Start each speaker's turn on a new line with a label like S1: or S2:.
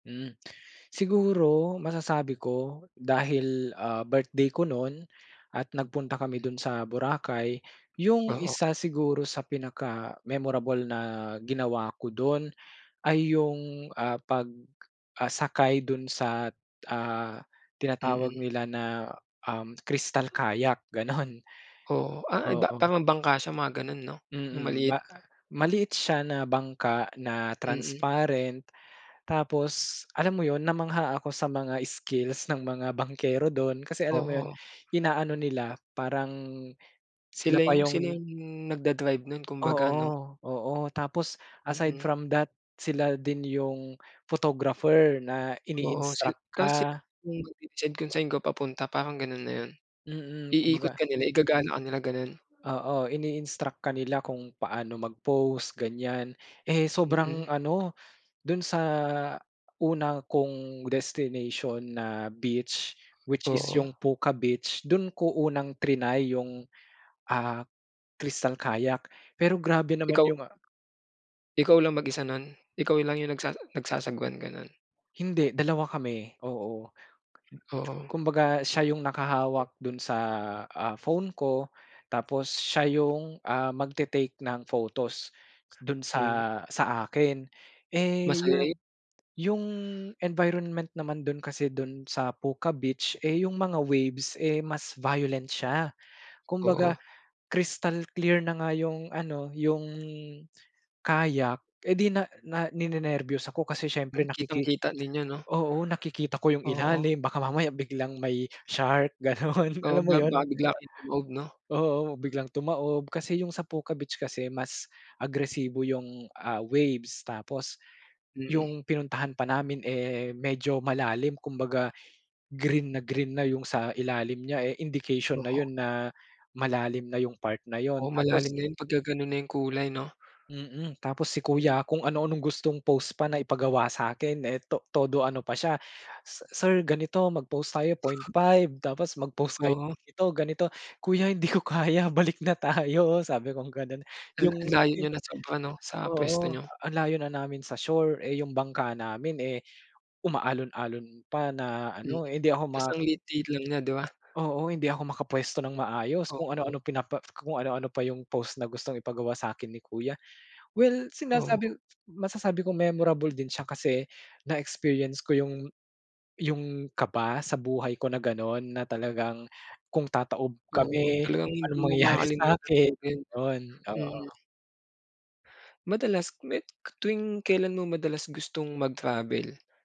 S1: Hmm, siguro masasabi ko dahil, ah, birthday ko nun at nagpunta kami dun sa Boracay. Yung
S2: Oo.
S1: isa siguro sa pinaka-memorable na ginawa ko dun ay yung, ah, pag, ah, sakay dun sa, ah, tinatawag
S2: Mm.
S1: nila na, um, crystal kayak, gano'n.
S2: Oo. Ah, iba.
S1: Oo.
S2: Tamang bangka siya, mga ganun, 'no? Yung
S1: Mm,
S2: maliit.
S1: ba, ah, maliit siya na bangka na
S2: Mm.
S1: transparent. Tapos, alam mo yun, namangha ako sa mga skills ng mga bangkero dun. Kasi, alam mo yun,
S2: Oo.
S1: inaano nila parang sila
S2: Sila
S1: pa
S2: yung sila
S1: yung
S2: yung nagda-drive nun kung baga, 'no?
S1: Oo-oo, tapos aside
S2: Mm.
S1: from that, sila din yung photographer na
S2: Oo, sil
S1: ini-instruct
S2: tapos sila
S1: ka.
S2: yung magde-decide kung saan kayo papunta, parang ganun na yun.
S1: Mm,
S2: Iikot
S1: kumbaga
S2: ka nila. Igagala ka nila, gano'n.
S1: Oo, ini-instruct ka nila kung paano mag-pose, ganiyan. Eh, sobrang
S2: Mm.
S1: ano, dun sa una kong destination na beach which is
S2: Oo.
S1: yung Puka beach dun ko unang trinay yung, ah, crystal kayak. Pero grabe naman
S2: Ikaw
S1: yung a
S2: Ikaw lang mag-isa nun? Ikaw lang yung nagsasa nagsasagwan, ganun.
S1: Hindi, 2 kami. Oo.
S2: Oo.
S1: Kumbaga siya yung nakahawak dun sa, ah, phone ko tapos siya yung, ah, magte-take ng photos dun
S2: Mm.
S1: sa sa akin. Eh,
S2: Masaya yun.
S1: yung yung environment naman dun kasi dun sa Puka Beach eh yung mga waves eh mas violent siya kumbaga
S2: Oo.
S1: crystal clear na nga yung ano, yung kayak eh di na na ninenerbyos ako kasi syempre
S2: Hmm,
S1: nakiki,
S2: kitang-kita ninyo, 'no?
S1: oo, nakikita ko yung
S2: Oo.
S1: ilalim baka mamaya biglang may shark, ganun.
S2: Oo,
S1: Alam mo
S2: ba
S1: yun?
S2: baka bigla kayong tumaob, 'no?
S1: Oo, biglang tumaob. Kasi yung sa Puka Beach kasi mas agresibo yung, ah, waves. Tapos
S2: Mm.
S1: yung pinuntahan pa namin eh medyo malalim kumbaga green na green na yung sa ilalim niya eh indication na
S2: Oo.
S1: yun na malalim na yung part na yun.
S2: Oo,
S1: Tapos
S2: malalim na yun pagkagano'n na yung kulay, 'no?
S1: Mm, tapos si
S2: Mm.
S1: kuya, kung ano-anong gustong pose pa na ipagawa sa'kin eh, to todo ano pa siya, "si sir, ganito, mag-pose tayo 0.5, tapos mag-pose kayo
S2: Oo.
S1: ganito-ganito." "Kuya, hindi ko kaya. Balik na tayo," sabi kong gano'n.
S2: Hmm,
S1: Yung
S2: anlayo
S1: yun,
S2: niyo na sobra, 'no, sa pwesto
S1: oo,
S2: niyo.
S1: ang layo na namin sa shore eh, yung bangka namin eh umaalon-alon pa na
S2: Mm,
S1: ano. Eh, hindi ako ma
S2: tapos ang liit-liit lang niya, di ba?
S1: Oo, hindi ako makapwesto ng maayos, kung
S2: Oo.
S1: ano-ano pinapa kung ano-ano pa yung pose na gustong ipagawa sa'kin ni kuya. Well,
S2: Oo.
S1: sinasabi masasabi kong memorable din siya kasi na-experience ko yung yung kaba sa buhay ko na gano'n, na talagang kung tataob
S2: Oo,
S1: kami,
S2: talagang hindi
S1: anong
S2: mo
S1: mangyayari
S2: makakalimutan
S1: sa'kin?
S2: talaga yun, 'no?
S1: Yun,
S2: Mm.
S1: oo.
S2: Madalas me tuwing kailan mo madalas gustong mag-travel?